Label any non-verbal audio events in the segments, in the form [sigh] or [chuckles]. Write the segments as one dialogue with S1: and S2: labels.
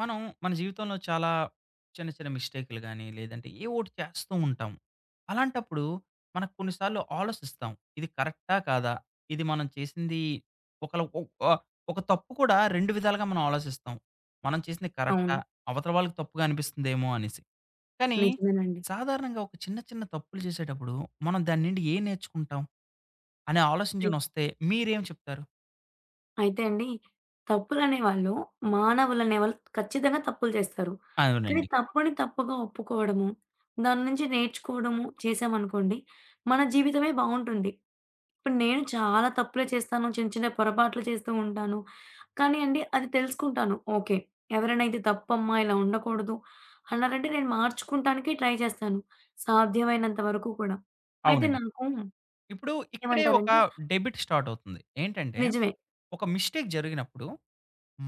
S1: మనం మన జీవితంలో చాలా చిన్న చిన్న మిస్టేకులు గాని, లేదంటే ఏ ఓటి చేస్తూ ఉంటాం. అలాంటప్పుడు. మనకు కొన్నిసార్లు ఆలోసిస్తాం. ఇది కరెక్టా కాదా? ఇది మనం చేసింది ఒకళ ఒహ్ ఆ ఒక తప్పు కూడా 2 విధాలుగా మనం ఆలోచిస్తాం. మనం చేసింది కరెక్టా?
S2: అవును.
S1: అవతల వాళ్ళకి తప్పుగా అనిపిస్తుందేమో అనేసి. కానీ.
S2: నిజమేనండి.
S1: సాధారణంగా ఒక చిన్న చిన్న తప్పులు జేసేటప్పుడు, మనం దాన్నుండి ఏం నేర్చుకుంటాం? అనే
S2: దె
S1: ఆలోచించడం ఒస్తే మీరేం చెప్తారు?
S2: అయితే అండి. తప్పులనేవాళ్ళు మానవులనే వాళ్ళు ఖచ్చితంగా తప్పులు జేస్తారు. కానీ
S1: అవునండి.
S2: తప్పని తప్పుగా ఒప్పుకోవడము. దాన్నుంచి నేర్చుకోవడము చేశామనుకోండి. మన జీవితమే బావుంటుంది. ఇప్పుడు నేను చాలా తప్పులే చేస్తాను. చిన్న చిన్న పొరపాట్లు చేస్తూ ఉంటాను. కానీ అండి అది తెలుసుకుంటాను. ఓకే. ఎవరైనైతే తప్పమ్మా ఇలా ఉండకూడదు, అన్నారంటే నేను మార్చుకుంటానికే ట్రై జేస్తాను. సాధ్యమైనంత వరకు కూడా. అయితే
S1: అవునండి.
S2: నాకు
S1: ఇప్పుడు ఇక్కడే ఒక
S2: ఏమంటారండి?
S1: డెబిట్ స్టార్టవుతుంది. ఏంటంటే,
S2: నిజమే.
S1: ఒక మిస్టేక్ జరిగినప్పుడు.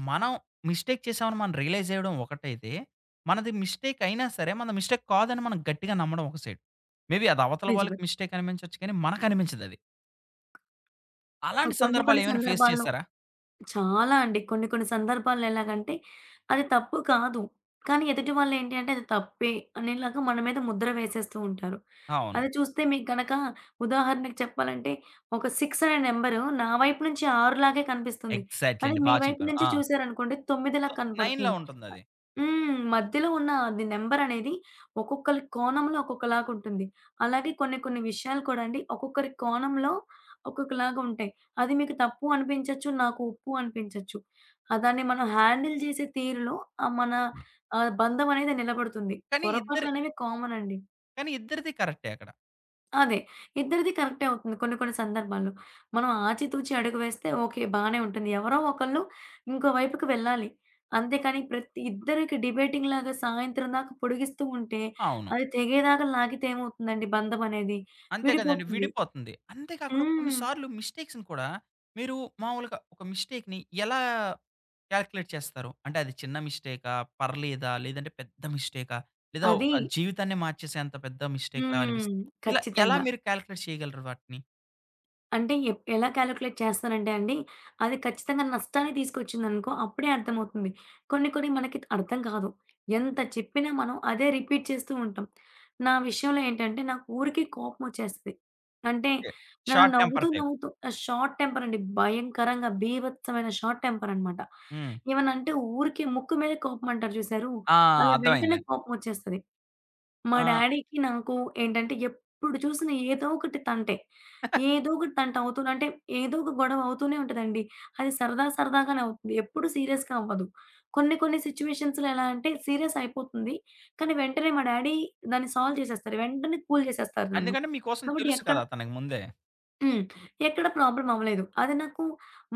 S1: మనం మిస్టేక్ చేసామని మనం రియలైజ్ జేయడం ఒకటైితే. మనది మిస్టేక్ అయినా సరే మనది మిస్టేక్ కాదని మనం గట్టిగా నమ్మడం ఒక సైడ్. మేబీ అది అవతల
S2: నిజమే.
S1: వాళ్ళకి మిస్టేక్ అనిపించొచ్చు కానీ మనకు అనిపించదది.
S2: ఆహ్,
S1: అలాంటి
S2: [swallows] కొన్ని కొన్ని
S1: సందర్భాలేవైనా ఫేస్
S2: సందర్భాల్లో
S1: చేశారా?
S2: చాలా అండి. కొన్ని కొన్ని సందర్భాల్లో ఎలాగంటే, అది తప్పు కాదు. కానీ ఎదుటి వాళ్ళేంటి అంటే అది తప్పే అనేలాగా మన మీద ముద్ర వేసేస్తూ ఉంటారు.
S1: అవును.
S2: అది జూస్తే మీకగనక ఉదాహరణకి చెప్పాలంటే ఒక 6 అనే నెంబరు నా వైపు నుంచి 6 లాగే కనిపిస్తుంది.
S1: ఎగ్‌జాట్‌లీ
S2: అది
S1: అండి.
S2: మీ
S1: బా
S2: వైపు
S1: చెప్పారు.
S2: నుంచి
S1: ఆ!
S2: చూసారనుకోండి 9లా
S1: సో 9 లా
S2: కనపడుతుంది.
S1: ఉంటుందది.
S2: అ హ్మ్. మధ్యలో ఉన్న అది నంబరనేది ఒక్కొక్కళ్ళకి కోణంలో ఒక్కొక్కలాగుంటుంది. అలాగే కొన్ని కొన్ని విషయాలు కూడా అండి. ఒక్కొక్కరి కోణంలో ఒక్కొక్కలాగుంటాయి. అది మీకు తప్పు అనిపించచ్చు, నాకు ఒప్పు అనిపించచ్చు. ఆ దాన్ని మనం హ్యాండిల్ జేసే తీరులో ఆ మన ఆహ్, బంధం అనేది నిలబడుతుంది.
S1: కానీ ఇద్దరి
S2: పొరపాట్లనేవి కామన్ అండి.
S1: కానీ ఇద్దరిది కరెక్టే అక్కడ.
S2: అదే. ఇద్దరిది కరెక్టే అవుతుంది కొన్ని కొన్ని సందర్భాల్లో. మనం ఆచితూచి అడుగు వేస్తే ఓకే. బానే ఉంటుంది. ఎవరో ఒకళ్ళు ఇంకో వైపుకి వెళ్ళాలి. అంతే కానీ ప్రతి ఇద్దరికి డిబేటింగ్‌లాగా సాయంత్రం దాకా పొడిగిస్తూ ఉంటే
S1: అవును.
S2: అది తెగేదాకా లాగితే ఏమవుతుందండి? బంధం అనేది.
S1: అంతే కదండి.
S2: విడిపోతుంది.
S1: విడిపోతుంది. అంతే కాకుండా
S2: హ్మ్.
S1: కొన్నిసార్లు మిస్టేక్స్‌ని కూడా, మీరు మామూలుగా ఒక మిస్టేక్‌ని ఎలా కాలిక్యులేట్ చేస్తారు. అంటే అది చిన్న మిస్టేకా? పర్లేదా? లేదంటే పెద్ద మిస్టేకా? లేదా
S2: అది.
S1: ఒక జీవితాన్నే మార్చేసే అంత పెద్ద మిస్టేక్‌లా
S2: హ్మ్.
S1: అనిపిస్తంది? ఇలా ఎలా
S2: ఖచ్చితంగా.
S1: మీరు కాలిక్యులేట్ చేయగలరు వాటిని?
S2: అంటే, ఎప్ ఎలా క్యాలిక్యులేట్ చేస్తానంటే అండి, అది ఖచ్చితంగా నష్టాన్ని తీసుకొచ్చిందనుకో అప్పుడే అర్థమవుతుంది. కొన్ని కొన్ని మనకి త్ అర్థం కాదు. ఎంత చెప్పినా మనం అదే రిపీట్ చేస్తూ ఉంటాం. నా విషయంలో ఏంటంటే, నాకు ఊరికే కోపమొచ్చేస్తది. అంటే,
S1: ఓకే.
S2: నన్ను
S1: షార్ట్ టెంపర్
S2: నవ్వుతూ,
S1: టైప్.
S2: నవ్వుతూ ఆహ్, షార్ట్ టెంపరండి భయంకరంగా. భీభత్సమైన షార్ట్ టెంపరనమాట.
S1: హ్మ్.
S2: ఏమన్నంటే ఊరికే ముక్కు మీదే కోపమంటారు జూశారు,
S1: ఆ!
S2: అలా వెంటనే
S1: అర్థమైందండి.
S2: కోపమొచ్చేస్తది. మా
S1: ఆ!
S2: డ్యాడీకి, నాకు, ఏంటంటే ఎప్పుడు చూసిన ఏదోకటి తంటే.
S1: [chuckles]
S2: ఏదోకటి తంటవుతూ అంటే, ఏదో ఒక గొడవ అవుతూనే ఉంటదండి. అది సరదా సరదాగానే అవుతుంది. ఎప్పుడు సీరియస్‌గా అవ్వదు. కొన్ని కొన్ని సిచ్యువేషన్స్‌లో ఎలా అంటే, సీరియస్ అయిపోతుంది. కానీ వెంటనే మా డ్యాడీ దాన్ని సాల్వ్ చేసేస్తారు. వెంటనే కూల్ చేసేస్తారు నన్ను.
S1: ఎందుకంటే మీ కోసం
S2: కాబట్టి
S1: తెలుసు
S2: ఎక్కడ
S1: కదా! అతనకి ముందే.
S2: హ్మ్. ఎక్కడ ప్రాబ్లమ్ అవ్వలేదు. అదే నాకు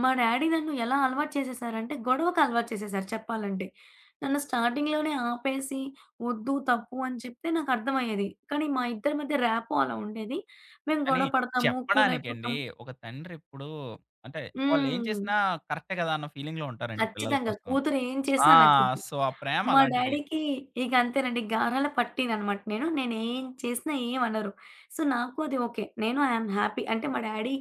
S2: మా డ్యాడీ నన్ను ఎలా అలవాటు చేసేశారంటే గొడవకలవాటు చేసేశారు చెప్పాలంటే. నన్ను స్టార్టింగ్‌లోనే ఆపేసి ఒద్దు తప్పు అని చెప్తే నాకర్థమయ్యేది. కానీ, మా ఇద్దరి మధ్య ర్యాపో అలా ఉండేది. మేము
S1: కానీ,
S2: గొడవ పడతాము
S1: చెప్పడానికండి
S2: కూలయిపోతాం.
S1: ఒక తండ్రెప్పుడు అంటే, వాళ్లేం
S2: హ్మ్.
S1: చేసినా కరెక్టే కదా! అన్న ఫీలింగ్‌లో ఉంటారండి పిల్లల
S2: ఖచ్చితంగా!
S1: కోసం.
S2: కూతురేం
S1: ఆ!
S2: చేసినా నచ్చిద్ది.
S1: సో, ఆ
S2: మా
S1: ప్రేమలాంటిది.
S2: డ్యాడీకి ఇగ అంతేనండి గారాల పట్టీననమాట నేను. నేనేం చేసినా ఏమనరు. సో, నాకు అది ఓకే. నేను, ఐయామ్ హ్యాపీ. అంటే, మా డ్యాడీ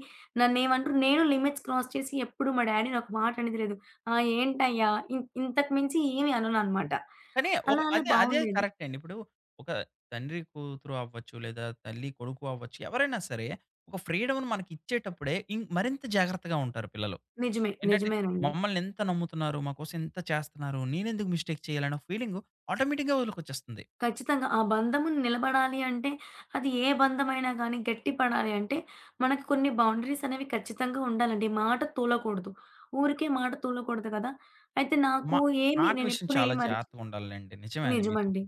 S2: నన్నేమనరు, నేనూ లిమిట్స్ క్రాస్ చేసి ఎప్పుడు మా డ్యాడీని ఒక మాటనేది లేదు. ఆ! ఏంటయ్యా ఇన్ ఇంతకు మించి ఏమి అనననమాట.
S1: కానీ ఒక
S2: అలా అలా
S1: అదే, అదే
S2: బావుండేది.
S1: కరెక్ట్ అండి. ఇప్పుడు ఒక తండ్రి కూతురు అవ్వచ్చు, లేదా తల్లి కొడుకు అవ్వచ్చు, ఎవరైనా సరే ఒక ఫ్రీడమును మనకి ఇచ్చేటప్పుడే ఇం మరింత జాగ్రత్తగా ఉంటారు పిల్లలు.
S2: నిజమే.
S1: ఏంటంటే,
S2: నిజమేనండి.
S1: మమ్మల్ని ఇంత నమ్ముతున్నారు, మా కోసం ఇంత చేస్తన్నారు, నేనెందుకు మిస్టేక్ చేయాలన్న ఫీలింగు ఆటోమేటిక్‌గా వాళ్ళకొచ్చేస్తంది.
S2: ఖచ్చితంగా! ఆ బంధము న్ నిలబడాలి అంటే, అది ఏ బంధమైనా గానీ గట్టిపడాలి అంటే, మనకు కొన్ని బౌండరీస్ అనేవి ఖచ్చితంగా ఉండాలండి. మాట తూలకూడదు. ఊరికే మాట తూలకూడదు గదా! అయితే, నాకు
S1: మా
S2: ఏమి
S1: మాట విషయం
S2: నేనెప్పుడు
S1: చాలా
S2: ఏమి అరిచి
S1: జాగ్రత్తగా ఉండాలిలెండి. నిజమే అది మీరు చెప్
S2: నిజమండి.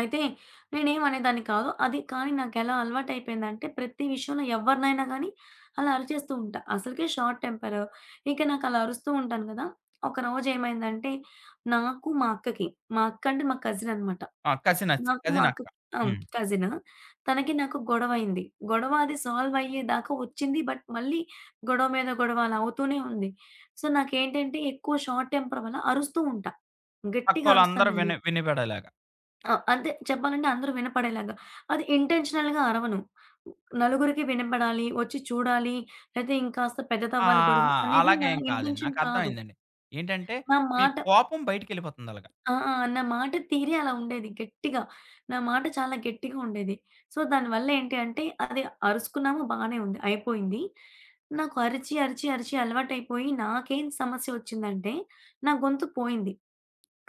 S2: అయితే నేనేం అనేదాన్ని కాదు. అది కానీ, నాకెలా అలవాటయిపోయిందంటే ప్రతి విషయంలో ఎవ్వరినైనా గానీ అలా అరిచేస్తూ ఉంటా. అసలకే షార్ట్ టెంపరు. ఇక నాకలా అరుస్తూ ఉంటాను గదా! ఒకరోజు ఏమైందంటే నాకు, మా అక్కకి, మా అక్కంటే మా కజిననమాట.
S1: ఆ! కజినచ్
S2: నాకూ, మా
S1: కజినక్క.
S2: అక్కకి హ్మ్.
S1: హ్మ్.
S2: కజిను. తనకీ, నాకు గొడవైంది. గొడవ అది సాల్వ్ అయ్యేదాకా ఒచ్చింది బట్, మళ్ళీ గొడవ మీద గొడవ అలా అవుతూనే ఉంది. సో, నాకేంటంటే ఎక్కువ షార్ట్ టెంపర్ వల్ల అరుస్తూ ఉంటా. గట్టిగా
S1: పక్కోళ్ళందరూ
S2: అరుస్తానండి.
S1: విని వినిబడేలాగా.
S2: ఆ! అంతే చెప్పాలంటే అందరూ వినపడేలాగా అది ఇంటెన్షనల్‌గా అరవను. నలుగురికి వినబడాలి, ఒచ్చి చూడాలి. లేపోతే, ఇంకాస్త
S1: ఆ!
S2: పెద్దదవ్వాలి గొడవ అనేది నా
S1: అలాగేం కాదండి.
S2: ఇంటెన్షన్ కాదు.
S1: నాకర్థమైందండి. ఏంటంటే,
S2: నా
S1: మీ
S2: మాట
S1: కోపం బయటికెళ్ళిపోతుందలాగా.
S2: ఆ! నా మాటతీరే అలా ఉండేది గట్టిగా. నా మాట చాలా గట్టిగా ఉండేది. సో, దానివల్ల ఏంటి అంటే అది అరుసుకున్నాము బానే ఉంది, అయిపోయింది. నాకు అరిచి, అరిచి, అరిచి అలవాటైపోయి నాకేం సమస్య ఒచ్చిందంటే నా గొంతు పోయింది.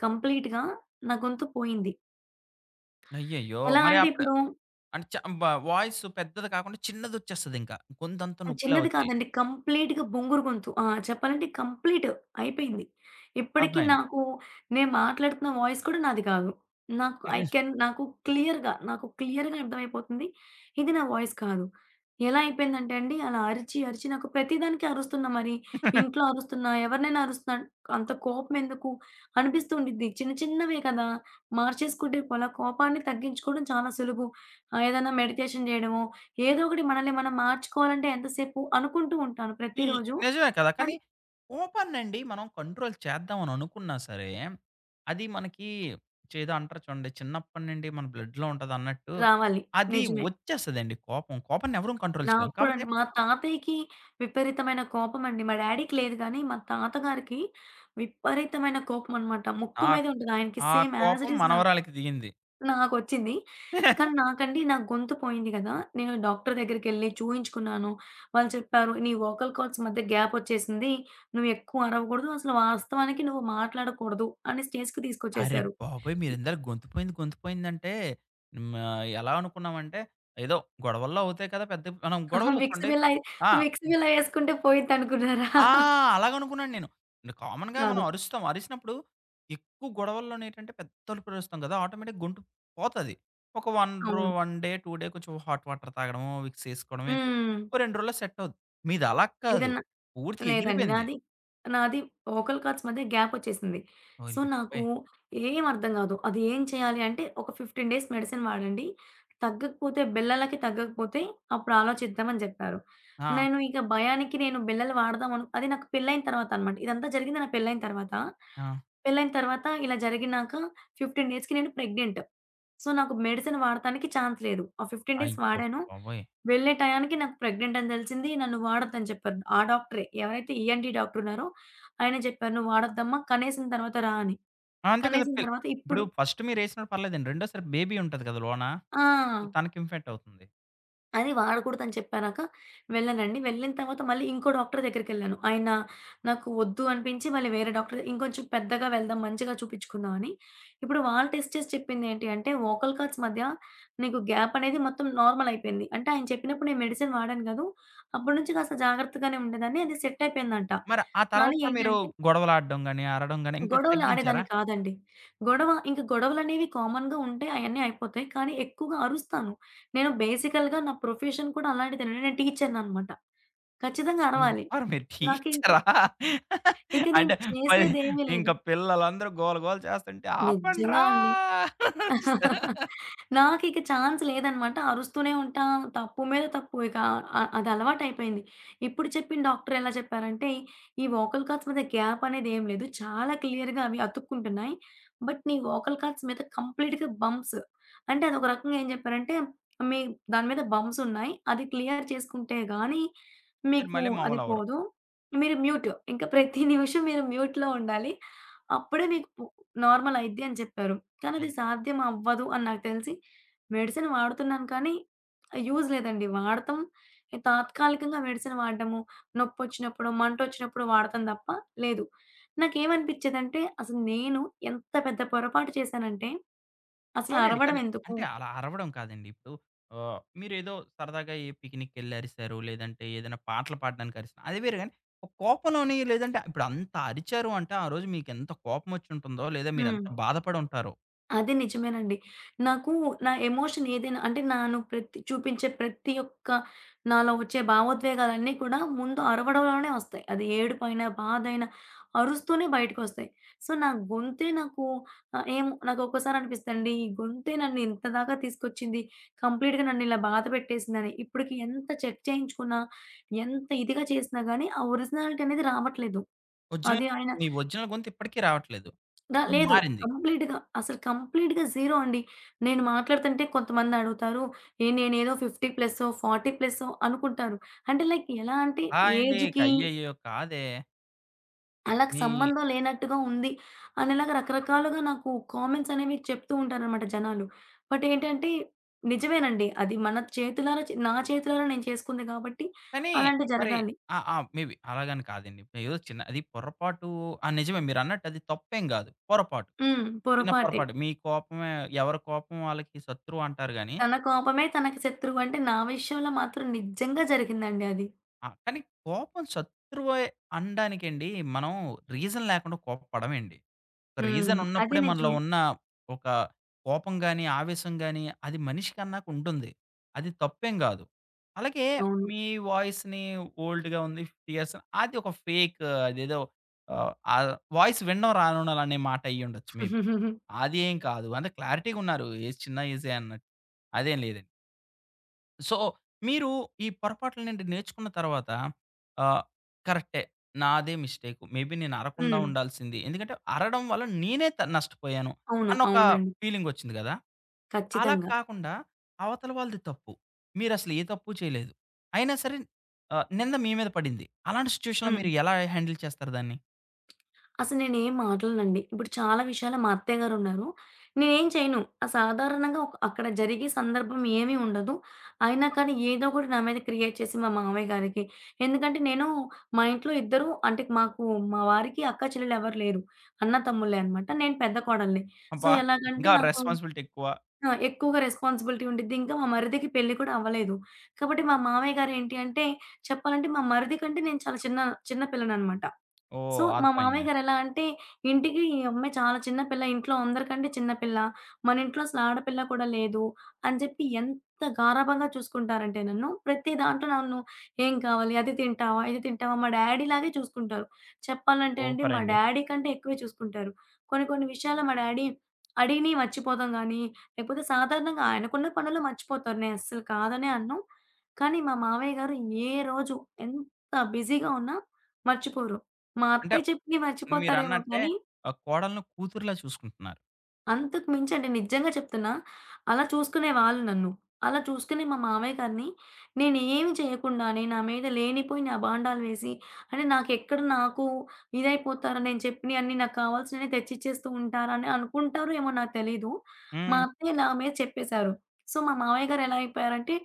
S2: కంప్లీట్‌గా నా గొంతు పోయింది.
S1: అయ్యయ్యో!
S2: ఎలా
S1: మరి
S2: అంటే
S1: అప్పుడు
S2: ఇప్పుడు
S1: అంటే, చ వా వాయిస్ పెద్దది కాకుండా చిన్నదొచ్చేస్తది ఇంకా. గొంతంతా
S2: అది
S1: నొప్పిలా
S2: చిన్నది
S1: వచ్చి.
S2: కాదండి. కంప్లీట్‌గా బొంగురు గొంతు. ఆ! చెప్పాలంటే కంప్లీట్ అయిపోయింది. ఇప్పడికి
S1: అర్థమైంది.
S2: నాకు నేను మాట్లాడుతున్న వాయిస్ కూడా నాది కాదు. నాకు ఐ
S1: [unintelligible]
S2: కెన్ నాకు క్లియర్‌గా నాకు క్లియర్‌గా అర్థమైపోతుంది. ఇది నా వాయిస్ కాదు. ఎలా అయిపోయిందంటే అండి అలా అరిచి, అరిచి నాకు ప్రతిదానికి అరుస్తున్నా మరి
S1: [chuckles]
S2: ఇంట్లో అరుస్తున్నా, ఎవరినైనా అరుస్తున్నా అంత కోపం ఎందుకు అనిపిస్తూ ఉండిద్ది. చిన్న చిన్నవే కదా! మార్చేసుకుంటే పోలా కోపాన్ని తగ్గించుకోవడం చాలా సులుభు. ఆహ్, ఏదైనా మెడికేషన్ జేయడమో, ఏదో ఒకటి మనల్ని మనం మార్చుకోవాలంటే ఎంతసేపు అనుకుంటూ ఉంటాను
S1: ఈ
S2: ప్రతిరోజు.
S1: నిజమే కదా! కానీ,
S2: అది
S1: కోపాన్నండి మనం కంట్రోల్ చేద్దామని అనుకున్నా సరే, అది మనకి చేదో అంటారు చూడండి. చిన్నప్పటి నుండి మన బ్లడ్‌లో ఉంటదన్నట్టు.
S2: రావాలి.
S1: అది
S2: నిజమే.
S1: ఒచ్చేస్తదండి కోపం. కోపాన్ని ఎవరం కంట్రోల్ చేయం.
S2: నాకు కూడా
S1: కాపోతే
S2: అండి. మా తాతయ్యకి విపరీతమైన కోపమండి. మా డ్యాడీకి లేదు గానీ, మా తాతగారికి విపరీతమైన కోపమనమాట ముక్కు
S1: ఆ
S2: మీదే ఉంటది. ఆయనకి
S1: ఆ
S2: సేమ్ యాజ్ ఇట్
S1: కోపం
S2: ఈజ్ నాకు
S1: మనవరాలికి దిగింది.
S2: నాకొచ్చింది.
S1: [chuckles]
S2: కానీ, నాకండి నాకు గొంతు పోయింది కదా! నేను డాక్టరు దగ్గరికెళ్ళి చూయించుకున్నాను. వాళ్ళు చెప్పారు, "నీ వోకల్ కార్డ్స్ మధ్య గ్యాపొచ్చేసింది. నువ్వు ఎక్కువ అరవకూడదు. అసలు వాస్తవానికి నువ్వు మాట్లాడకూడదు" అనే స్టేజ్‌కి
S1: అరె
S2: తీసుకొచ్చేేశారు.
S1: బాబోయ్!
S2: హ్మ్.
S1: మీరెందర గొతుపోయింది, గొంతుపోయిందంటే. హ్మ్, ఆహ్, ఎలా అనుకున్నామంటే ఏదో గొడవల్లో అవుతాయి కదా! పెద్దవి మనం
S2: [giggles]
S1: గొడవల్లో
S2: విక్స్
S1: చూడండి
S2: బిల్ల ఏ
S1: ఆ!
S2: విక్స్ బిల్ల ఏసుకుంటే పోయిద్ది అనుకున్నారా?
S1: ఆ!
S2: [chuckles]
S1: అలాగనుకున్నాను నేను. ఇగ కామన్‌గా మనం
S2: కాదు.
S1: అరుస్తాం. అరిసినప్పుడు ఎక్కువ గొడవల్లోనేటంటే పెద్ద అరుపులు అరుస్తాం కదా! ఆటోమేటిక్‌గా గొంతు పోతది. ఒక వన్ రొ
S2: అవును.
S1: 1 డే, 2 డే కొంచెం హాట్ వాటర్ తాగడము, విక్స్ ఏసుకోవడం ఇచ్చ
S2: హ్మ్.
S1: ఓ 2 రోజుల్లో సెట్టవుద్ది. మీది అలాగా కాదు.
S2: ఏదన్నా
S1: పూర్తిగా
S2: లేదండి
S1: ఎగిరిపోయింది.
S2: నాది, నాది వోకల్ కార్డ్స్ మధ్య గ్యాపొచ్చేసింది.
S1: ఓహ్!
S2: సో,
S1: అయ్య
S2: నాకు
S1: బాబోయ్!
S2: ఏమి అర్థం గాదు. అది ఏం చేయాలి అంటే, ఒక 15 డేస్ మెడిసిన్ వాడండి. తగ్గకపోతే బిల్లలకి తగ్గకపోతే అప్పుడు ఆలోచిద్దామని జెప్పారు.
S1: ఆ!
S2: నేను ఇక భయానికి నేను బిల్లలు వాడదామను అది నాకు పెళ్ళైయిన తర్వాత అనమాట. ఇదంతా జరిగింది నాకు పెళ్ళైయిన తర్వాత.
S1: ఆ!
S2: పెళ్ళైయిన తర్వాత ఇలా జరిగినాక 15 డేస్‌కి నేను ప్రెగ్నెంట్. సో, నాకు మెడిసిన్ వాడతానికి ఛాన్స్ లేదు. ఆ 15 డేస్
S1: అయ్య
S2: వాడాను.
S1: బాబోయ్!
S2: వెళ్ళే టయానికి నాకు ప్రెగ్నెంట్ అని తెలిసింది. నన్ను వాడొద్దుని చెప్పారు. ఆ డాక్టరే ఎవరైతే ఈఎన్‌టీ డాక్టర్ ఉన్నారో ఆయనే జెప్పారు, "నువ్వు వాడొద్దమ్మా కనేసిన తర్వాత రా" అని.
S1: అంతే కదా!
S2: కనేసిన
S1: పిల్
S2: తర్వాత ఇప్పుడు
S1: ఇప్పుడు ఫస్ట్ మీరు ఏసినా పర్లేదండి. రెండోసారి బేబీ ఉంటది కదా! లోనా
S2: ఆ!
S1: తనకి ఇన్‌ఫెక్ట్ అవుతుంది.
S2: అది వాడకూడదని చెప్పానాక వెళ్ళానండి. వెళ్ళిన తర్వాత మళ్ళీ ఇంకో డాక్టర్ దగ్గరకెళ్ళాను. ఆయన నాకు ఒద్దు అనిపించి, [smacks lips] మళ్ళీ వేరే డాక్టర్ ఇంకొంచెం పెద్దగా వెళ్దాం, మంచిగా చూపిచ్చుకుందామని. ఇప్పుడు వాళ్ళు టెస్ట్ చేసి చెప్పిందేంటి అంటే, ఓకల్ కార్ట్స్ మధ్య నీకు గ్యాప్ అనేది మొత్తం నార్మలయిపోయింది. అంటే, ఆయన చెప్పినప్పుడు నేను మెడిసిన్ వాడాను గదూ, అప్పడనుంచి కాస్త జాగ్రత్తగానే ఉండేదాన్ని, అది సెట్టయిపోయిందంట.
S1: మరి, ఆ
S2: గానీ
S1: తర్వాత మీరు
S2: ఏంటంటే
S1: గొడవలాడడం గానీ, అరడం గానీ ఇంక
S2: గొడవలు
S1: తగ్గించారా?
S2: ఆడేదాన్ని కాదండి. గొడవ ఇంక గొడవలనేవి కామన్‌గా ఉంటే అయన్నీ అయిపోతాయి, కానీ ఎక్కువుగా అరుస్తాను. నేను బేసికల్‌గా నా ప్రొఫెషన్ కూడా అలాంటిదేనండి, నేను టీచర్ననమాట. ఖచ్చితంగా
S1: ఉరు
S2: అరవాలి.
S1: ఆరు మీరు
S2: నాకింకా
S1: టీచరా!
S2: ఇక నేను
S1: అంటే, పది
S2: చేసేదేమీ
S1: ఇంక
S2: లేదు.
S1: పిల్లలందరూ గోల గోల చేస్తంటే
S2: నిజ్జంగా
S1: ఆపండ్రా
S2: అండి.
S1: అనేసార?
S2: [chuckles] నాకిక ఛాన్స్ లేదనమాట, అరుస్తూనే ఉంటా, తప్పు మీద తప్పు. ఇకా అ అదలవాటయిపోయింది. ఇప్పుడు చెప్పిన డాక్టరెలా చెప్పారంటే, ఈ ఓకల్ కార్ట్స్ మీద గ్యాపనేది ఏమి లేదు, చాలా క్లియర్‌గా అవి అతుక్కుంటున్నాయి, బట్ నీ ఓకల్ కార్ట్స్ మీద కంప్లీట్‌గా బంప్స్ అంటే, అదొక రకంగా ఏం జెప్పారంటే, మీ దాని మీద బంప్సున్నాయి. అది క్లియర్ చేసుకుంటే గానీ,
S1: మీరు
S2: మీకు
S1: మళ్ళీ
S2: అది
S1: మావులవ్వరు.
S2: పోదు. మీరు మ్యూట్, ఇంక ప్రతి నిమిషం మీరు [giggles] మ్యూట్‌లో ఉండాలి. అప్పుడే మీకు పు నార్మలయిద్ది అని జెప్పారు. కానది
S1: అయితే
S2: సాధ్యమవ్వదు అని నాకు తెలిసి, మెడిసిన్ వాడుతున్నాను కానీ, ఆహ్, యూజ్ లేదండి. వాడతం ఎ తాత్కాలికంగా మెడిసన్ వాడడము, నొప్పొచ్చినప్పుడో, మంటొచ్చినప్పుడో వాడతం తప్ప లేదు. నాకేవనిపిచ్చేదంటే, అసలు నేను ఎంత పెద్ద పొరపాటు చేశానంటే, అసలు
S1: అవునండి. కానీ
S2: అరవడవెందుకు?
S1: అంటే, అలా అరవడం కాదండి. ఇప్పుడు, ఆహ్, మీరేదో సరదాగా ఏ పికినిక్కెళ్ళరిశారు, లేదంటే ఏదన్నా పాటలు పాడడానికరిశ్ అది వేరె గానీ, ఒక కోపంలోనీ లేదంటే, ఇప్పుడంత అరిచారు అంటే ఆ రోజు మీకెంత కోపమొచ్చుంటుందో, లేదా మీరెంత
S2: హ్మ్.
S1: బాధపడుంటారో.
S2: అది నిజమేనండి. నాకు నా ఎమోషన్ ఏదైనా, అంటే నేను ప్రతి చూపించే ప్రతి ఒక్క నాలో వచ్చే భావోద్వేగాలన్నీ కూడా, ముందు అరవడంలోనే వస్తాయి. అది ఏడుపైన, బాధైన అరుస్తూనే బయటకొస్తాయి. సో, నా గొంతే నాకు ఆహ్, ఏమో నాకు ఒక్కసారనిపిస్తదండి, ఈ గొంతే నన్ను ఇంతదాగా తీసుకొచ్చింది, కంప్లీట్‌గా నన్ను ఇలా బాధ పెట్టేసిందని, ఇప్పటికి ఎంత చెక్ చేయించుకున్నా ఎంత ఇదిగా చేసినా గానీ ఆహ్, ఒరిజినాలిటీ అనేది రావట్లేదు.
S1: ఒరిజినల్
S2: అది ఆయన
S1: మీ ఒరిజినల్ గొంతు ఇప్పటికి రావట్లేదు.
S2: దా లేదు.
S1: మారింది.
S2: కంప్లీట్‌గా అసలు కంప్లీట్‌గా జీరో అండి. నేను మాట్లాడుతుంటే కొంతమందడుగుతారు, ఏహ్! నేనేదో 50 ప్లసో, 40 ప్లసో అనుకుంటారు. అంటే లైక్ ఎలా అంటే,
S1: ఆ! అండి. ఇక
S2: ఏజ్‌కి
S1: అయ్యయ్యో కాదే!
S2: అళ్ళకి
S1: మీ
S2: సంబంధం లేనట్టుగా ఉంది. అనిలాగా రకరకాలుగా నాకు కామెంట్సనేవి చెప్తూ ఉంటారనమాట జనాలు. బట్ ఏంటంటే నిజమేనండి. అది మన చేతులార నా చేతులారా నేను చేసుకుంది కాబట్టి
S1: కానీ
S2: అలాంటివి
S1: మరి
S2: జరగాలి.
S1: ఆ! ఆ! మేబి అలాగని కాదండి. ఏదో చిన్న అది పొరపాటు ఆ! నిజమే. మీరన్నట్టు అది తప్పేం కాదు. పొరపాటు,
S2: హ్మ్.
S1: చిన్న
S2: పొరపాటే.
S1: పొరపాటు. మీ కోపమే ఎవరి కోపం వాళ్ళకి శత్రువంటారు గానీ
S2: 'తన కోపమే తనకి శత్రువు.' అంటే నా విషయంలో మాత్రం నిజంగా జరిగిందండి అది.
S1: ఆ! కానీ కోపం శత్రువే అనడానికండి మనం రీజన్ లేకుండా కోప్పడమండి. ఒక
S2: హ్మ్. [smacks lips] అది
S1: రీజనున్నప్పుడే మనలో
S2: నిజమే.
S1: ఉన్న ఒక కోపం గాని, ఆవేశం గాని అది మనిషికన్నాకుంటుంది. అది తప్పేం కాదు. అలాగే
S2: అవును.
S1: మీ వాయిస్‌ని ఓల్డ్‌గా ఉంది ఫియర్సా అది ఒక ఫేకు అదేదో ఆహ్, ఆ వాయిస్ వినడం రానుండాళ్ళనే మాటయ్యుండొచ్చు మేబీ.
S2: [giggles]
S1: అదేం కాదు. అంటే క్లారిటీగున్నారు. ఏజ్ చిన్న ఏజే అన్నట్టు. అదేం లేదండి. సో, మీరు ఈ పొరపాట్ల నుండి నేర్చుకున్న తర్వాత, ఆహ్, కరెక్టే నాదే మిస్టేకు. మే బీ నేను అరవకుండా
S2: హ్మ్.
S1: ఉండాల్సింది. ఎందుకంటే, అరవడం వల్ల నేనే త నష్టపోయాను.
S2: అవును.
S1: అన్నొక
S2: అవునండి.
S1: ఫీలింగ్ వచ్చింది కదా! అలా
S2: ఖచ్చితంగా.
S1: కాకుండా. అవతల వాళ్ళది తప్పు. మీరసలు ఏ తప్పు చేయలేదు. అయినా సరే, ఆహ్, నింద మీ మీద పడింది. అలాంటి సిట్యుయేషన్‌లో
S2: హ్మ్.
S1: మీరు ఎలా హ్యాండిల్ చేస్తారు దాన్ని?
S2: అసలు నేనేం మాట్లాడనండి. ఇప్పుడు చాలా విషయాల్లో మా అత్తయ్య గారు ఉన్నారు. నేనేం చేయను. ఆ సాధారణంగా ఒక్ అక్కడ జరిగే సందర్భం ఏమీ ఉండదు. అయినా కానీ ఏదో కూడా నా మీద క్రియేట్ చేసి, మా మామయ్య గారికి ఎందుకంటే, నేను మా ఇంట్లో ఇద్దరూ అంటే మాకు మా వారికి అక్కా-చెల్లెలు ఎవ్వరు లేరు. అన్న-తమ్ముళ్ళే అనమాట. నేను పెద్ద కోడలిని. సో,
S1: అబ్బా!
S2: ఎలాగంటే
S1: ఇంకా
S2: నాకు
S1: రెస్పాన్సిబిలిటీ ఎక్కువ.
S2: ఆ! ఎక్కువగా రెస్పాన్సిబిలిటీ ఉండిద్ది. ఇంకా మా మరిదికి పెళ్లి కూడా అవ్వలేదు. కాబట్టి, మా మామయ్య గారు ఏంటి అంటే చెప్పాలంటే మా మరిది కంటే నేను చాలా చిన్న చిన్న పిల్లననమాట. సో,
S1: ఓహ్!
S2: "మా మామయ్య
S1: అర్థమైంది.
S2: గారు ఎలా అంటే", ఇంటికి ఈ అమ్మాయి చాలా చిన్న పిల్ల ఇంట్లో అందరికంటే చిన్న పిల్ల, మన ఇంట్లో అసలు ఆడపిల్ల కూడా లేదు అని చెప్పి ఎంత గారాబంగా చూసుకుంటారంటే నన్ను, ప్రతి దాంట్లో నన్ను "ఏం కావాలి. అది తింటావా, ఇది తింటావా" మా డ్యాడీలాగే చూసుకుంటారు. చెప్పాలంటే అండి, మా
S1: ఓపరండి.
S2: డ్యాడీ కంటే ఎక్కువే చూసుకుంటారు. కొన్ని కొన్ని విషయాలు మా డ్యాడీ అడిగిని మర్చిపోతాం గాని, లేకపోతే సాధారణంగా ఆయనకున్న పనుల్లో మర్చిపోతారు. నేను అస్సలు కాదనే అన్నాను. కానీ, మా మావయ్య గారు ఏ రోజు, ఎంత బిజీగా ఉన్నా మర్చిపోరు. మా
S1: అంటే
S2: అత్తయ్య చెప్పిని మర్చిపోతారేమో
S1: మీరన్నట్టే,
S2: కానీ
S1: ఆ కోడలను కూతురులా చూసుకుంటున్నారు.
S2: అంతకు మించండి నిజంగా చెప్తున్నా. అలా చూసుకునే వాళ్ళు నన్ను. అలా చూసుకునే మా మామయ్య గారిని నేనేమి చేయ్యకుండానే నా మీద లేనిపోయిని అబాండాలు వేసి అంటే, నాకెక్కడ నాకు ఇదైపోతారు నేను చెప్పినియన్నీ నాకు కావాల్సినియి తెచ్చిచ్చేస్తూ ఉంటారని అనుకుంటారొ ఏమో నాకు తెలీదు. మా
S1: హ్మ్.
S2: అత్తయ్య నా మీద చెప్పేశారు. సో, మా మామయ్య గారెలా అయిపోయారంటే,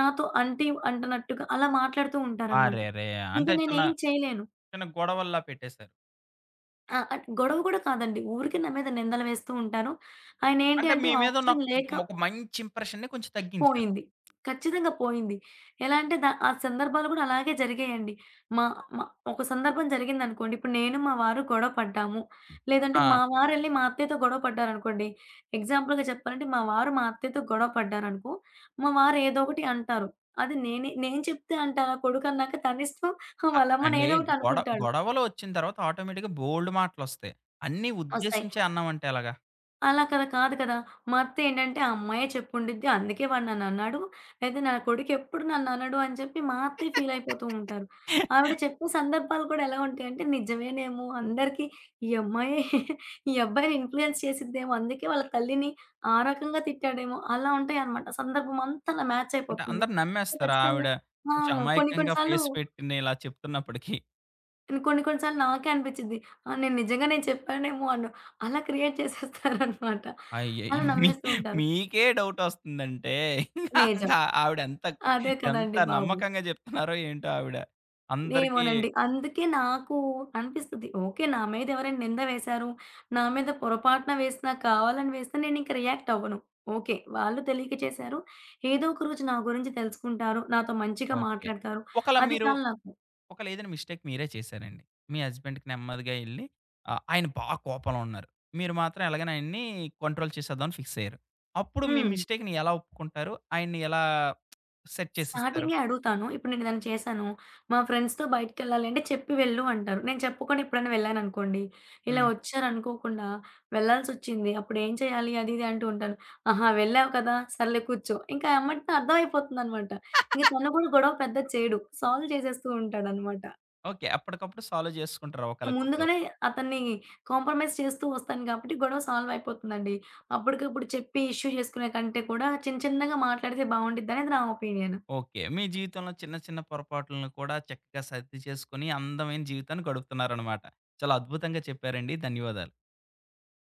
S2: నాతో అంటి అంటనట్టుగా అలా మాట్లాడుతూ ఉంటారనమాట.
S1: ఆరేరే!
S2: ఇంక
S1: అంటే చిన్న
S2: నేనేం చేయ్యలేను.
S1: చిన్న గొడవల్లా పెట్టేశారు.
S2: ఆ! అటు గొడవ గుడా కాదండి. ఊరికె నామీద నిందలు వేస్తూ ఉంటారు. ఆయనేంటి
S1: అంటే
S2: అంటే
S1: మీ మీదున్న
S2: ఆప్షన్ లేక
S1: ఒక మంచి ఇంప్రెషన్‌ని కొంచెం తగ్గించారు.
S2: పోయింది. ఖచ్చితంగా పోయింది. ఎలాంటే దా ఆ సందర్భాలు కూడా అలాగే జరిగాయండి. మా మా ఒక సందర్భం జరిగిందనుకోండి. ఇప్పుడు నేను మా వారు గొడవపడ్డాము.
S1: హ్మ్.
S2: లేదంటే మా
S1: ఆ!
S2: వారెళ్ళి మా అత్తయ్యతో గొడవ పడ్డారనుకోండి. ఎగ్జాంపుల్‌గా చెప్పాలంటే మా వారు మా అత్తయ్యతో గొడవపడ్డారనుకో, మా వారేదోకటి అంటారు. అది నేనే నేను చెప్తే అంటానా కొడుకన్నాక తనిష్టం
S1: ఆ!
S2: వాళ్ళమ్మని [giggles]
S1: అండే గొడ
S2: ఏదోకటనుకుంటాడు.
S1: గొడవలోచ్చిన తర్వాత ఆటోమేటిక్‌గా బోలెడు మాటలోస్తాయి. అన్నీ
S2: ఒస్తాయి.
S1: ఉద్దేశించే అన్నామంటే ఎలాగా?
S2: అలా కదా! కాదు కదా! మా అత్త ఏంటంటే, "ఆ అమ్మాయే చెప్పుండిద్ది అందుకే వాడ నన్నన్నాడు. లేదా నా కొడుకెప్పుడు నన్ననుడు" అని జెప్పి మా అత్తయ్య ఫీలయిపోతూ
S1: [laughs]
S2: ఉంటారు. ఆవిడ చెప్పే సందర్భాలు కూడా ఎలా ఉంటాయంటే నిజమేనేమో అందరికి ఈ అమ్మాయే [chuckles] ఈ అబ్బాయిని ఇన్‌ఫ్లుయెన్స్ చేసిద్దేమో. అందుకే వాళ్ళ తల్లిని ఆ రకంగా తిట్టాడేమో అలా ఉంటాయనమాట. సందర్భమంతా అలా
S1: అంటే
S2: మ్యాచయిపోతుంది.
S1: అందరూ
S2: సో,
S1: నమ్మేస్తారు
S2: ఖచ్చితంగా.
S1: ఆవిడ
S2: ఆ!
S1: కొంచెం
S2: కొన్ని కొన్ని
S1: అమాయకంగా
S2: సార్లు
S1: ఫేస్ పెట్టి నిలా చెప్తున్నప్పటికి.
S2: నేను కొన్ని కొన్ని సార్లు నాకే అనిపించిద్ది. ఆ! నేను నిజంగా నేను చెప్పానేమో అన్ను అలా క్రియేట్ [giggles] చేసేస్తారనమాట. అలా
S1: అయ్యయ్యో! మీ
S2: నమ్మేస్తూ
S1: [giggles]
S2: ఉంటారు.
S1: మీకే డౌటోస్తుందంటే [chuckles] ఇంగా
S2: నిజం.
S1: అంగా ఆవిడేంత క
S2: అదే
S1: ఎంత
S2: కదండీ బాబు!
S1: నమ్మకంగా జెప్తున్నారో ఏంటో ఆవిడ? అందరికీ
S2: ఏమోనండి. అందుకే నాకు అనిపిస్తది. ఓకే. నా మీదేవరైనా నిందా వేసారు, నా మీద పొరపాటున వేసినా కావాలని వేసినా నేనింక రియాక్ట్ అవ్వను. ఓకే. వాళ్ళు తెలియక చేశారు. ఏదో ఒక రోజు నా గురించి తెలుసుకుంటారు. నాతో మంచిగా
S1: ఓకే.
S2: మాట్లాడతారు.
S1: ఒకలా
S2: అది
S1: మీరు,
S2: చాలు నాకు.
S1: ఒకలేదైన మిస్టేక్ మీరే చేశారండి. మీ హస్బెండ్‌కి నెమ్మదిగా ఎళ్ళి ఆహ్, ఆయన బా కోపంలో ఉన్నారు. మీరు మాత్రం ఎలాగనైయన్నీ కోంట్రోల్ చేసేద్దామని ఫిక్సుయ్యారు. అప్పుడు మీ
S2: హ్మ్.
S1: మిస్‌టేక్‌ని ఎలా ఒప్పుకుంటారు? ఆయన్ని ఎలా [smacks lips] సెట్ చేసేస్తారు.
S2: స్టార్టింగే అడుగుతాను. ఇప్పుడు నేనేదైనా చేశాను. మా ఫ్రెండ్స్‌తో బయటికేళ్ళాలంటే చెప్పి వెళ్ళు అంటారు. నేను చెప్పుకుండా ఎప్పుడైనా వెళ్ళాననుకోండి. ఇలా
S1: హ్మ్.
S2: ఒచ్చారనుకోకుండా వెళ్ళాల్సి‌సోచ్చింది. అప్పుడేం చేయాలి అదిది అంటూంటాను. అహా! వెళ్ళావు కదా! సర్లే కూర్చో. ఇంకా ఎమ్మటినే అర్థమైపోతుందనమాట. ఇంక
S1: [chuckles]
S2: తను గూడా గొడవ పెద్దది చేయడు. సాల్వ్ చేసేస్తూ ఉంటాడనమాట.
S1: ఓకే. అప్పడికప్పుడు సాల్వ్ జేసేసుకుంటారు
S2: ఆ!
S1: ఒకళ్ళకొకళ్ళు.
S2: ముందుగానే అతన్ని కాంప్రమైజ్ చేస్తూ ఒస్తాను గాబట్టి గొడవ సాల్వైపోతుందండి. అప్పడుకప్పుడు చెప్పి ఇష్యూ చేసుకునే కంటే కూడా చిన్న చిన్నగా మాట్లాడితే బావుండిదనేది నా ఒపీనియను.
S1: ఓకే. మీ జీవితంలో చిన్న చిన్న పొరపాట్లను కూడా చక్క సద్ది చేసుకొని అందమైన జీవితాన్ని గడుపుతున్నారనమాట. చాలా అద్భుతంగా చెప్పారండి. ధన్యవాదాలు.